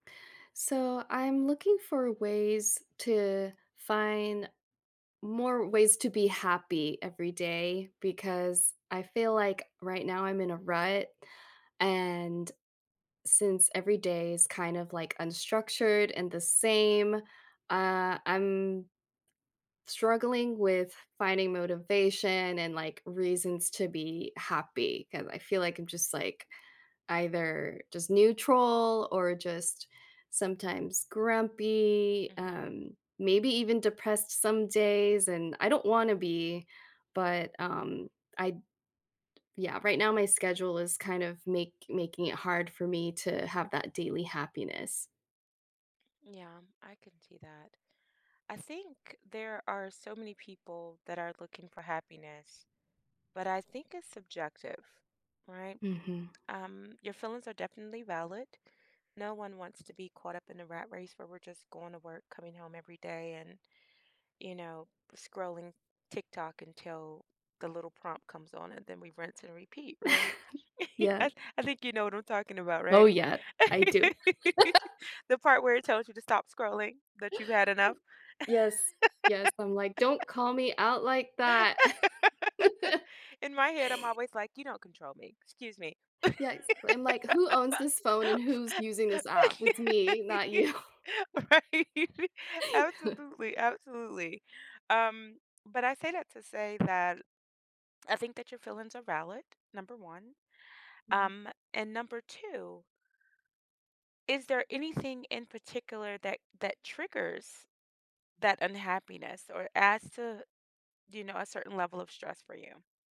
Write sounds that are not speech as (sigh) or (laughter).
So, I'm looking for ways to find more ways to be happy every day because I feel like right now I'm in a rut, and since every day is kind of, like, unstructured and the same, uh, I'm struggling with finding motivation and, like, reasons to be happy, 'cause I feel, like, I'm just, like, either just neutral or just sometimes grumpy, Mhm. um, maybe even depressed some days, and I don't want to be but, um, I d yeah, right now my schedule is kind of make making it hard for me to have that daily happiness. Yeah, I could see that. I think there are so many people that are looking for happiness, but I think it's subjective, right? Mhm. Um, your feelings are definitely valid. No one wants to be caught up in a rat race where we're just going to work, coming home every day, and, you know, scrolling TikTok until the little prompt comes on, and then we rinse and repeat, right? (chuckles) (giggles) Yeah. I th I think you know what I'm talking about, Oh, right? yeah. I do. (laughs) (laughs) The part where it tells you to stop scrolling, that you've had enough? Yes. Yes. I'm like, (laughs) "Don't call me out like that." (laughs) (chuckles) In my head, I'm always like, "You don't control me. Excuse me." Yeah, it's I'm like, "Who owns this phone and who's using this app? It's me, (laughs) not you." Right? (chuckles) Absolutely. Absolutely. Um, but I say that to say that I think that your feelings are valid, number 1. Mhm. Um, and number 2 is there anything in particular that that triggers that unhappiness or adds to, you know, a certain level of stress for you?